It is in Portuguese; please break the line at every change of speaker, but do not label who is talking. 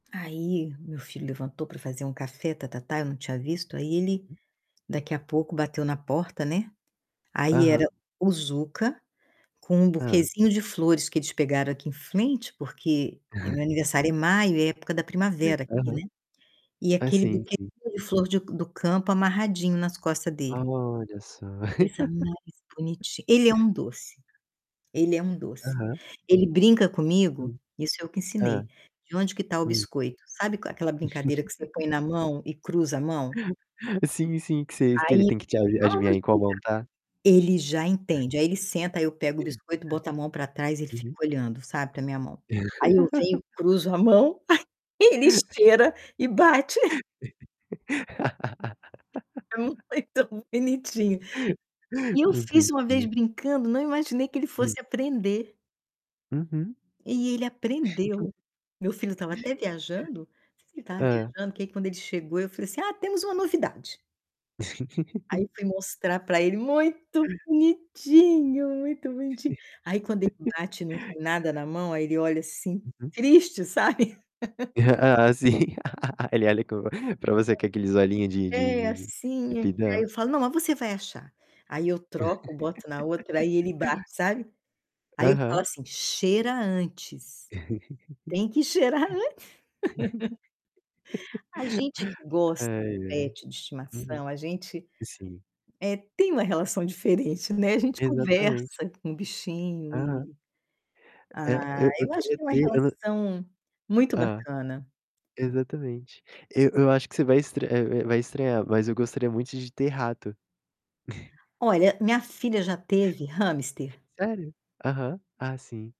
Aí meu filho levantou para fazer um café, tá tá tá, eu não tinha visto aí ele,
Aham.
daqui a pouco bateu na porta né? Aí era
Aham.
o Zuca com
Hã.
buquezinho de flores que eles pegaram aqui em frente, porque meu aniversário é maio, é época da primavera aqui não
Aham.
é? E
Ah,
aquele
sim, sim.
de flor de do campo amarradinho nas costa dele.
Olha só.
Coisa mais bonitinha, ele é um doce. Ele é um doce.
Aham.
Ele brinca comigo,
Hum.
isso eu que
Hã.
ensinei, onde que está o
Hum.
biscoito? Sabe aquela brincadeira que você põe na mão e cruza a mão?
Sim, sim, que vocês que ele
Aí,
tem que te adivinhar
vamos
em qual mão
brincar.
tá.
Ele já entende, aí ele senta, aí eu pego o
Que
biscoito, boto a mão para trás e fico
Aham.
olhando, sabe, para minha mão. Aí eu venho, cruzo a mão, ele esteira e bate. É muito bonitinho. E eu
Muito
fiz uma vez
bonitinho.
brincando, não imaginei que ele
Hum.
fosse aprender.
Uhum.
E ele aprendeu. Meu filho estava até viajando, não sei se ele estava
Hã.
viajando que aí quando ele chegou eu falei assim: "Ah, temos uma novidade". Aí fui mostrar para ele muito bonitinho, muito bonitinho. Aí quando ele bate e não tem nada na mão aí ele olha assim,
Uhum.
triste sabe?
Ah, assim,
[unintelligible]
para você que é aqueles olhinhos de
É
de de de
assim é que
pidão.
aí eu falo: "Não, mas você vai achar", aí eu troco boto na outra aí ele bate sabe? Aí eu falo
Aham.
assim: "Cheira antes" "tem que cheirar antes." A gente que gosta do
Ai, ai.
pet de
Uhum.
estimação, a gente,
Sim.
eh, tem uma relação diferente, né, a gente
Exatamente.
conversa com bichinho
Aham.
e
É,
Ah,
eu eu
eu acho
queria
que é uma
ter eu não
relação muito
Ah,
bacana.
exatamente. Eu eu acho que você estr vai vai estranhar, mas eu gostaria muito de ter rato.
Olha, minha filha já teve hamster?
Sério? Aham, ah sim.